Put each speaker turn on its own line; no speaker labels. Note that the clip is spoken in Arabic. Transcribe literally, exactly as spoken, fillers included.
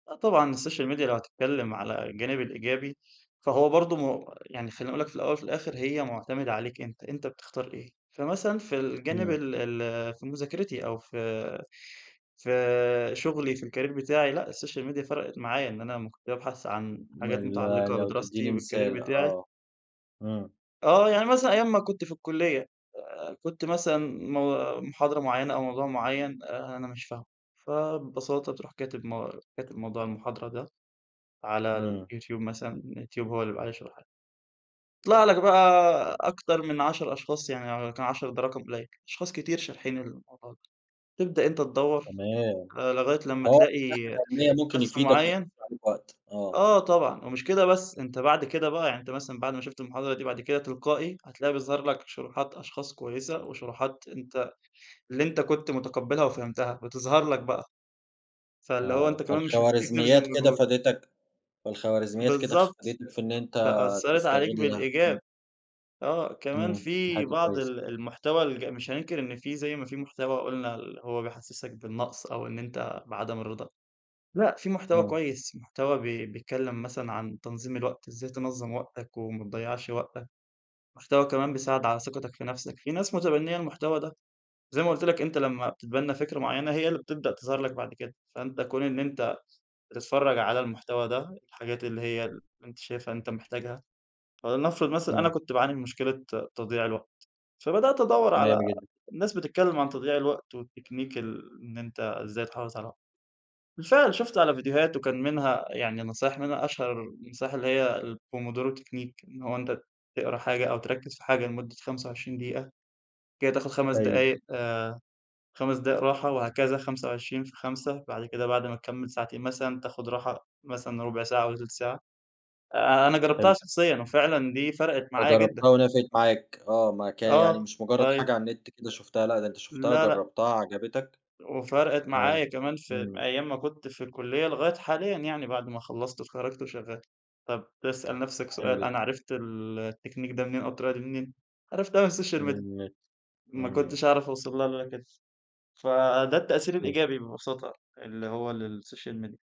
آه طبعًا الsocial media لو هتتكلم على الجانب الإيجابي فهو برضو م يعني خليني أقول لك في الأول وفي الآخر هي معتمدة عليك أنت، أنت بتختار إيه. فمثلًا في الجانب
إمم.
ال ال في مذاكرتي أو في في شغلي في الcareer بتاعي، لأ الsocial media فرَقِت معايا إن أنا كنت بابحث عن
ما
حاجات
ال
متعلقة
لو
بدراستي
تديني مثال
والcareer بتاعي.
آه. إمم.
آه، يعني مثلًا أيام ما كنت في الكلية، آآ كنت مثلًا م محاضرة معينة أو موضوع معين آآ، أنا مش فاهمه. فببساطة تروح كاتب م كاتب موضوع المحاضرة ده، على
إمم.
اليوتيوب مثلًا اليوتيوب هو اللي بيبقى عليه شرحها. يطلع لك بقى أكتر من عشر أشخاص يعني يمكن عشرة ده رقم قليل. أشخاص كتير شارحين الموضوع ده. تبدأ أنت تدوَّر
تمام،
لغاية لما
آه، ده من
تلاقي
الناحية العلمية ممكن
شخص
يفيدك
معيَّن
ويختصر عليك وقت، آه.
آه طبعًا ومش كده بس أنت بعد كده بقى يعني أنت مثلًا بعد ما شُفت المحاضرة دي، بعد كده تلقائي هتلاقي بيظهر لك شروحات أشخاص كويسة، وشروحات أنت اللي أنت كنت مُتقبلها وفهمتها بتظهر لك بقى. فاللي هو
آه،
أنت كمان مش محتاج تبذِل
فالخوارزميات كده
مجهود.
فادِتك فالخوارزميات كده
بالضبط،
فادتِك في إن أنت
فأثّرت عليك
تستغلها،
بالإيجاب.
إمم.
آه كمان
امم، دي
في
حاجة
بعض
كويسة.
ال المحتوى الج مش هننكر إن في زي ما في محتوى قُلنا اللي هو بيحسسك بالنقص أو إن أنت بعدم الرضا. لأ في محتوى
امم.
كويس محتوى بي بيتكلم مثلًا عن تنظيم الوقت إزاي تنظم وقتك وما تضيّعش وقتك. محتوى كمان بيساعد على ثقتك في نفسك. في ناس متبنية المحتوى ده. زي ما قُلت لك أنت لما بتتبنى فكرة معينة هي اللي بتبدأ تظهر لك بعد كده. فأنت كون إن أنت بتتفرج على المحتوى ده، الحاجات اللي هي اللي أنت شايفها أنت محتاجها. فلنفرض مثلًا أنا
امم.
كنت باعاني من مشكلة تضييع الوقت، فبدأت أدوّر
تمام
على
جدًا.
ناس بتتكلم عن تضييع الوقت والتكنيك ال إن أنت ازاي تحافظ على وقتك. بالفعل شُفت على فيديوهات وكان منها يعني نصايح منها أشهر النصايح اللي هي الPomodoro Technique إن هو أنت تقرا حاجة أو تركز في حاجة لمدة خمسة وعشرين دقيقة بعد كده تاخد خمس
طيب.
دقايق آآ خمس دقايق راحة وهكذا خمسة وعشرين في خمسة. بعد كده بعد ما تكمل ساعتين مثلًا تاخد راحة مثلًا رُبع ساعة والّا تلت ساعة. آآ أنا جربتها
حلو.
شخصيًا وفعلًا دي فرقِت معايا جدًا.
فجربتها ونفعِت معاك آه، ما كان يعني
آه
مش مُجرد
طيب.
حاجة على النت كده شُفتها، لأ ده أنت شُفتها
لا لا.
جربتها عجبتك
وفرِقت
آه،
معايا كمان في
امم.
أيام ما كنت في الكلية، لغاية حاليًا يعني بعد ما خلصت واتخرجت وشغال. طَب تسأل نفسك
حلو
سؤال أنا
جدًا.
عرفت ال التكنيك ده منين؟ أو الطريقة دي منين؟ عرفتها من
من
الsocial media.
النت،
ما
إمم.
كنتش هاعرف أوصل لها إلا كده، فده التأثير
فهمتك.
الإيجابي ببساطة اللي هو للsocial media.